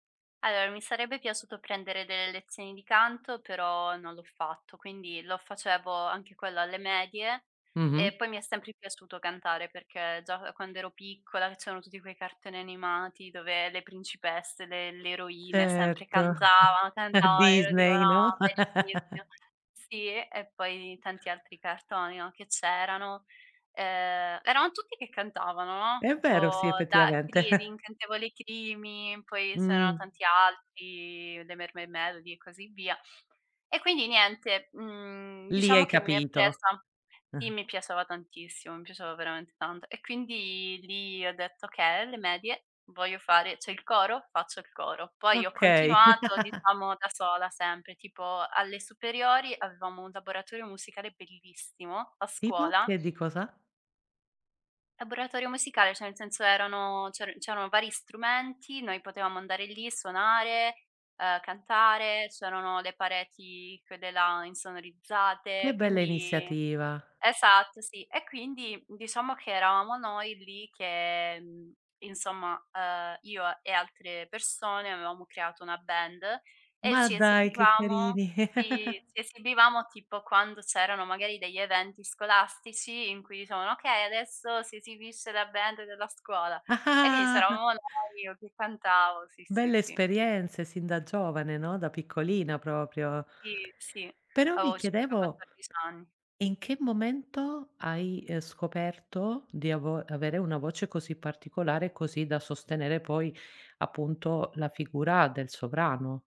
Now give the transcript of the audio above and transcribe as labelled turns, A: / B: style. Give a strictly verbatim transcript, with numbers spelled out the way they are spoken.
A: alor mi sarebbe piaciuto prendere delle lezioni di canto, però non l'ho fatto, quindi lo facevo anche quello alle medie
B: Mh-mh.
A: e poi mi è sempre piaciuto cantare perché già, ehm, quand'ero piccola, c'erano tutti quei cartoni animati dove le principesse, le le eroine sempre
B: Certo.
A: cantavan,
B: La
A: cantava, ero tipo:
B: Disney, no?
A: "No, bellissimo!" Sì, e poi tanti altri cartoni, no, che c'erano. Uhm, erano tutti che cantavano, no,
B: È
A: tipo
B: vero sì,
A: da [unintelligible]
B: effettivamente.
A: l'Incantevole Creamy, poi c'erano
B: Mh.
A: tanti altri, le Mermaid Melody e così via. E quindi niente, mhmm,
B: Lì
A: diciamo
B: hai
A: che m'è
B: capito.
A: presa sì,
B: Eh.
A: mi piaceva tantissimo, mi piaceva veramente tanto e quindi lì ho detto: "Okay, alle medie voglio fare c'è il coro? Faccio il coro." Poi ho
B: Okay.
A: continuato, diciamo da sola, sempre, tipo alle superiori avevamo un laboratorio musicale bellissimo, a
B: Tipo
A: scuola.
B: che di cosa?
A: Laboratorio musicale, ceh nel senso erano c'eran c'erano vari strumenti, noi potevamo andare lì, suonare, uhm, cantare, c'erano le pareti quelle là insonorizzate,
B: Che bella
A: quindi
B: iniziativa.
A: esatto sì, e quindi diciamo che eravamo noi lì che mhmm, insomma, uhm, io e altre persone avevamo creato una band e
B: Ma
A: ci
B: dai che
A: esibivamo
B: carini.
A: sì, ci esibivamo tipo quando c'erano magari degli eventi scolastici in cui dicevano: "Okay, adesso si esibisce la band della scuola." E quindi
B: Ah-ah, ah.
A: c'eravamo noi, io che cantavo, sì, sì,
B: Belle
A: sì.
B: esperienze sin da giovane, no, da piccolina propio.
A: Sì, sì.
B: Però
A: La
B: mi
A: voce, avevo
B: chiedevo,
A: quattordic anni
B: in che momento hai, uhm, scoperto di avo avere una voce così particolare, così da sostenere poi, appunto, la figura del sovrano?